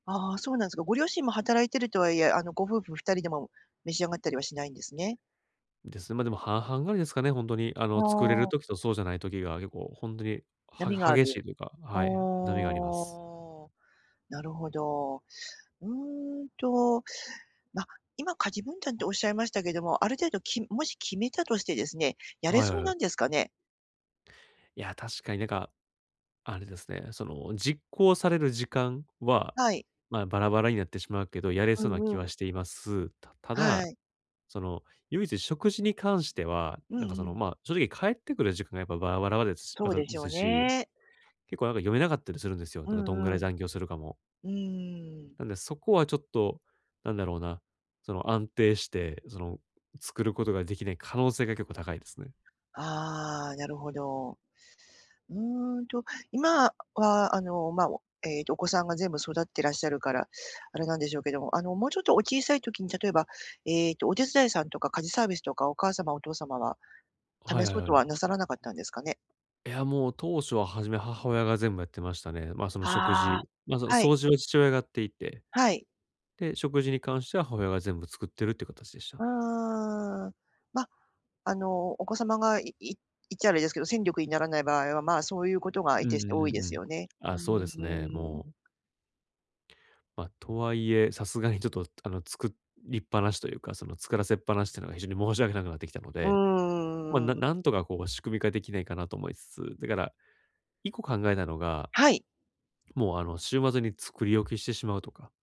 ああ、そうなんすか。ご両親も働いているとはいえ、あの、ご夫婦二人でも、召し上がったりはしないんですね。です。ま、でも、半々ぐらいですかね、ほんとに、ああの、作れるあ。時とそうじゃない時が結構ほんとに、波がはあ激しる。いというか、あはい、波があります。あ。なるほど。うーんと、まあ、今家事分担っておっしゃいましたけども、ある程度きもし決めたとしてですね、やれはい、はそうなう。んですかね？いや、確かになんか、あれですね、その、実行される時間は、はい。ま、バラバラになってしまうけど、やれうそうな気んうはん。しています。たたはだ、い。その、唯一食事に関しては、うんなんか、そうの、ん。ま、正直帰ってくる時間がやっぱバラバラワですし、そあうとでしょうずし、ね。結構なんか読めなかったりするんですよ。なんうか、どんぐらんいうん。残業するかも。うーん。なんで、そこはちょっとなんだろうな、その、安定して、その、作ることができない可能性が結構高いですね。ああ、なるほど。うんと、今、あ、は、あの、まあ、を、えっと、お子さんが全部育ってらっしゃるから、あれなんでしょうけども、あの、もうちょっとお小さい時に、例えば、えっと、お手伝いさんとか家事サービスとか、お母様お父様は、はい試はい、そうはとう。はなさらなかったんですかね？いや、もう当初ははじめ母親が全部やってましたね。ま、その、食ああ、事、ま、その、はい。掃除は父親がやっていて、はい。で、食事に関しては母親が全部作ってるって形でしうーた。ん、ま、あの、お子様がいい言っちゃあれですけど、戦力にならない場合は、まあ、そういうことがういんうてしてん多いうでんうすん。よね。うあ、ーそうですね、ん。もう。ま、とはいえ、さすがにちょっと、あの、作りっぱなしというか、その、作らせっぱなしとかが非常に申し訳なくなってきたのうんうで、んうま、んうんうなん。なんとかこう仕組み化できないかなと思いつつ、だから一個考えたのが、はい。もうあの、週末に作り置きしてしまうとか。